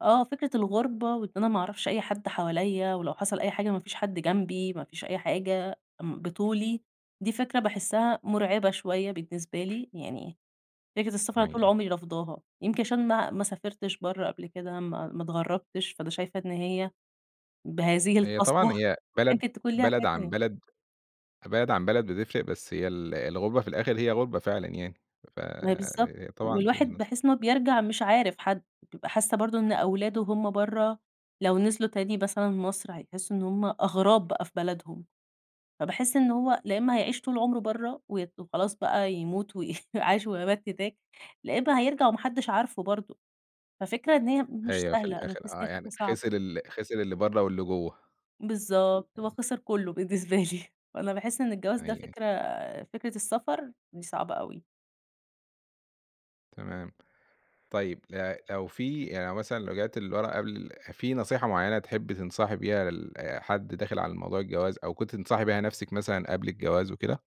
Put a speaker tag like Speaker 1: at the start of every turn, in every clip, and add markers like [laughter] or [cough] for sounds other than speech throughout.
Speaker 1: اه فكرة الغُربة وإن أنا ما أعرفش أي حد حواليّا ولو حصل أي حاجة ما فيش حد جنبي، ما فيش أي حاجة، بطولي دي فكرة باحسّها مرعبة شويّة بالنسبة لي، يعني فكرة السفر
Speaker 2: أيوه،
Speaker 1: طول
Speaker 2: أيوه.
Speaker 1: عمري رافضاها، يمكن عشان ما ما سافرتش برّه قبل كده، ما ما اتغربتش فأنا شايفة إن هي بهذه
Speaker 2: هي طبعًا
Speaker 1: القسوة
Speaker 2: هي بلد
Speaker 1: يمكن تكون ليها
Speaker 2: بلد
Speaker 1: حاجة
Speaker 2: عن
Speaker 1: تانية.
Speaker 2: بلد بلد عن بلد بتفرق بس هي ال الغُربة في الآخر هي غُربة فعلًا يعني ف
Speaker 1: ما هي بالضبط
Speaker 2: طبعًا.
Speaker 1: والواحد
Speaker 2: [unintelligible]
Speaker 1: باحس إنّه بيرجع مش عارف حد، بابقى حاسّة برضه إن أولاده وهُم برّه لو نزلوا تاني مثلًا مصر هيحسوا إن هُم أغراب بقى في بلدهم. فباحس إن هو لأ إمّا هيعيش طول عمره برّه وي وخلاص بقى يموت و عاش ومات هناك، لا إمّا هيرجع وما حدش عارفه برضه ففكرة إن هي مش
Speaker 2: أيوه في
Speaker 1: سهلة أنا باحس
Speaker 2: الآخر
Speaker 1: إن
Speaker 2: آه
Speaker 1: هي
Speaker 2: يعني
Speaker 1: فكرة
Speaker 2: خسر
Speaker 1: صعبة.
Speaker 2: ال خسر اللي برّا واللي جوّا.
Speaker 1: بالضبط، هو
Speaker 2: [unintelligible]
Speaker 1: خسر كلّه بالنسبة لي وأنا باحس إن الجواز
Speaker 2: أيوه،
Speaker 1: ده
Speaker 2: أيوه.
Speaker 1: فكرة فكرة السفر دي صعبة أوي.
Speaker 2: تمام. طيّب آآ لو في يعني لو مثلًا رجعتِ لورا قبل في نصيحة معيّنة تحبّي تنصحي بيها لحد داخل على موضوع الجواز أو كنتِ تنصحي بيها نفْسك مثلًا قبل الجواز وكده؟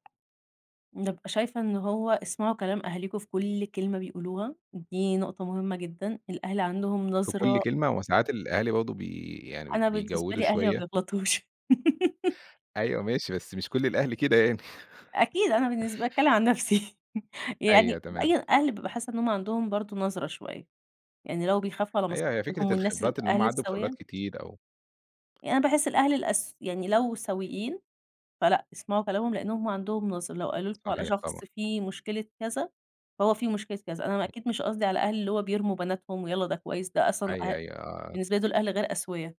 Speaker 1: بابقى شايفة إنّه هو اسمعوا كلام أهاليكم في كل كلمة بيقولوها، دي نقطة مهمّة جدًا. الأهل عندهم
Speaker 2: في كل
Speaker 1: نظرة
Speaker 2: كلمة وساعات الأهالي برضه بي يعني
Speaker 1: أنا بالنسبة
Speaker 2: بيجوِّدوا
Speaker 1: لي أهلي ما
Speaker 2: شوية.
Speaker 1: بيغلطوش. [laughs]
Speaker 2: أيوه ماشي بس مش كل الأهل كده يعني. [chuckles]
Speaker 1: أكيد أنا بالنسبة لي باتكلّم عن نفْسي يعني
Speaker 2: أيوه تمام.
Speaker 1: بأين أهل بابقى حاسّة إن هُم عندهم برضه نظرة شويّة، يعني لو بيخافوا على
Speaker 2: أيوَه هي
Speaker 1: مصلحتهم
Speaker 2: فكرة
Speaker 1: والناس
Speaker 2: الخبرات اللي هُم
Speaker 1: الأهل
Speaker 2: عدّوا بخبرات
Speaker 1: السويّة
Speaker 2: كتير أو
Speaker 1: يعني أنا باحس الأهل الأس يعني لو سوييّن فلأ اسمعوا كلامهم لأن هُم عندهم نظرة، لو قالوا لكم على
Speaker 2: صحيح طبعًا.
Speaker 1: شخص في مشكلة كذا، فهو في مشكلة كذا أنا
Speaker 2: أيوه.
Speaker 1: أكيد مش قصدي على الأهل اللي هُم بيرموا بناتهم ويلّا ده كويّس ده أصلًا أ
Speaker 2: أيوه أيوه آه آه.
Speaker 1: بالنسبة لي دول أهل غير أسويا.